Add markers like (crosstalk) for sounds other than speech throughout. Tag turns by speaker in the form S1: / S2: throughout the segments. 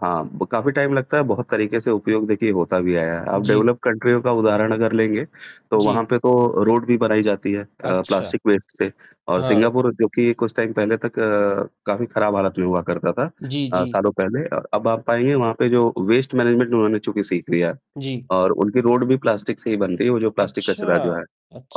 S1: हाँ, ब काफ़ी टाइम लगता है। बहुत तरीके से उपयोग देखिए होता भी आया है। अब
S2: जी।
S1: डेवलप्ड कंट्रीयों का उदाहरण अगर लेंगे, तो वहाँ
S2: जी।
S1: पे तो रोड भी बनाई जाती है अ,
S2: अच्छा।
S1: प्लास्टिक वेस्ट से और
S2: हाँ।
S1: सिंगापुर जो कि कुछ टाइम पहले तक अ, काफ़ी खराब हालत में हुआ करता था,
S2: जी,
S1: अ,
S2: जी।
S1: सालों पहले, अ अब आप पाएँगे वहाँ पे जो वेस्ट मैनेजमेंट उन्होंने क्योंकि सीख लिया है।
S2: जी।
S1: और उनकी रोड भी प्लास्टिक से ही बन रही है। वो जो प्लास्टिक कचरा जो है
S2: अच्छा!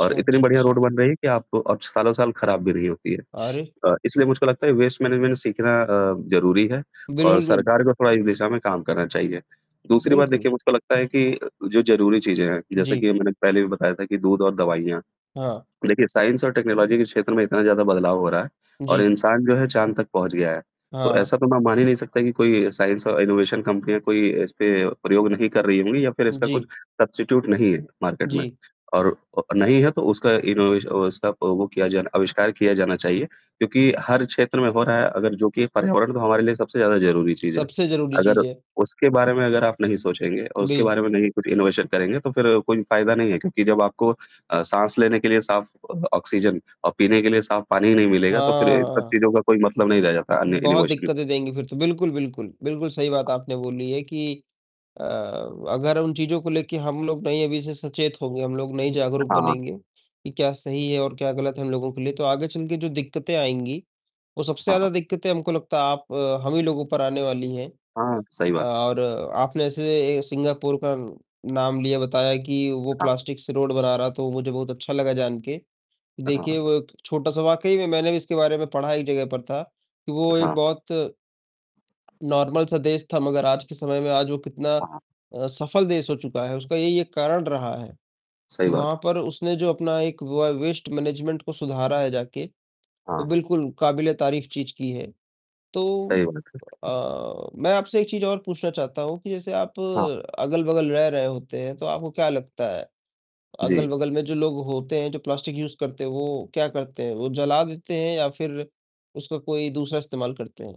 S1: और इतनी
S2: अच्छा
S1: बढ़िया रोड
S2: अच्छा।
S1: बन रही है कि आपको और सालों साल खराब भी नहीं होती है।
S2: अरे।
S1: अ, इसलिए मुझको लगता है वेस्ट मैनेजमेंट सीखना अ, ज़रूरी है और
S2: बिल्कुल गुड
S1: सरकार को थोड़ा इस दिशा में काम करना चाहिए। दूसरी बात
S2: बिल्कुल।
S1: देखिए मुझको लगता है कि जो ज़रूरी चीज़ें हैं, जैसे
S2: जी।
S1: कि मैंने पहले भी बताया था कि दूध और दवाइयाँ,
S2: हाँ।
S1: देखिए साइंस एंड टेक्नोलॉजी के क्षेत्र में इतना ज़्यादा बदलाव हो रहा है और
S2: जी।
S1: इंसान जो है चाँद तक पहुँच गया है।
S2: हाँ,
S1: तो
S2: हाँ।
S1: ऐसा तो मैं मान ही नहीं सकता कि कोई साइंस और इनोवेशन कंपनियाँ कोई इसपे प्रयोग नहीं कर रही होंगी या फिर इसका कुछ
S2: जी।
S1: सब्स्टीट्यूट नहीं है मार्केट में
S2: जी।
S1: और अ, नहीं है तो उसका इनोवेशन उसका वो किया आविष्कार किया जाना चाहिए। क्योंकि हर क्षेत्र में हो रहा है अगर जो कि पर्यावरण तो हमारे लिए सबसे ज़्यादा ज़रूरी
S2: (smacks lips)
S1: चीज़ है।
S2: सबसे ज़रूरी
S1: अगर
S2: चीज़ है।
S1: उसके बारे में अगर आप नहीं सोचेंगे और उसके
S2: बी
S1: बारे में नहीं कुछ इनोवेशन करेंगे तो फिर कोई फायदा नहीं है क्योंकि जब आपको अ, साँस लेने के लिए साफ ऑक्सीजन और पीने के लिए साफ पानी ही नहीं मिलेगा, तो फिर इन सब
S2: हाँ।
S1: चीज़ का कोई मतलब नहीं रह जाता है अन्य
S2: बहुत
S1: इनोवेशन में।
S2: दिक्कतें देंगी, फिर तो। बिल्कुल, बिल्कुल, बिल्कुल सही बात आपने बोली है कि अ, अगर उन चीज़ों को लेके हम लोग नहीं अभी से सचेत होंगे, हम लोग नहीं जागरूक
S1: हाँ, हाँ।
S2: बनेंगे कि क्या सही है और क्या गलत है, हम लोगों के लिए, तो आगे चलके जो दिक्कतें आएँगी, वो सबसे
S1: हाँ, हाँ।
S2: ज़्यादा दिक्कतें हमको लगता है आप हम ही लोगों पर आने वाली है।
S1: हाँ, सही बात।
S2: और आपने ऐसे सिंगापुर का नाम लिया बताया कि वो
S1: हाँ।
S2: प्लास्टिक से रोड बना रहा है तो मुझे बहुत अच्छा लगा जानके।
S1: अ, हाँ,
S2: देखिए
S1: हाँ।
S2: वो एक छोटा-सा वाक़ई में मैंने भी इसके बारे में पढ़ा एक जगह पर था कि वो एक
S1: हाँ।
S2: बहुत, नॉर्मल -सा देश था मगर आज के समय में आज वो कितना
S1: हाँ।
S2: अ, सफल देश हो चुका है। उसका यही एक कारण रहा है
S1: सही
S2: कि वहाँ
S1: बात।
S2: पर उसने जो अपना एक व वेस्ट मैनेजमेंट को सुधारा है, जाके,
S1: हाँ,
S2: वो
S1: हाँ।
S2: बिल्कुल काबिले तारीफ़ चीज़ की है। तो
S1: सही बात है।
S2: अ, मैं आपसे एक चीज़ और पूछना चाहता हूँ कि जैसे आप
S1: हाँ।
S2: अगल-बगल रह रहे होते हैं, तो आपको क्या लगता है
S1: जी।
S2: अगल-बगल में जो लोग होते हैं जो प्लास्टिक यूज़ करते हैं वो क्या करते हैं? वो जला देते हैं या फिर उसका कोई दूसरा इस्तेमाल करते हैं।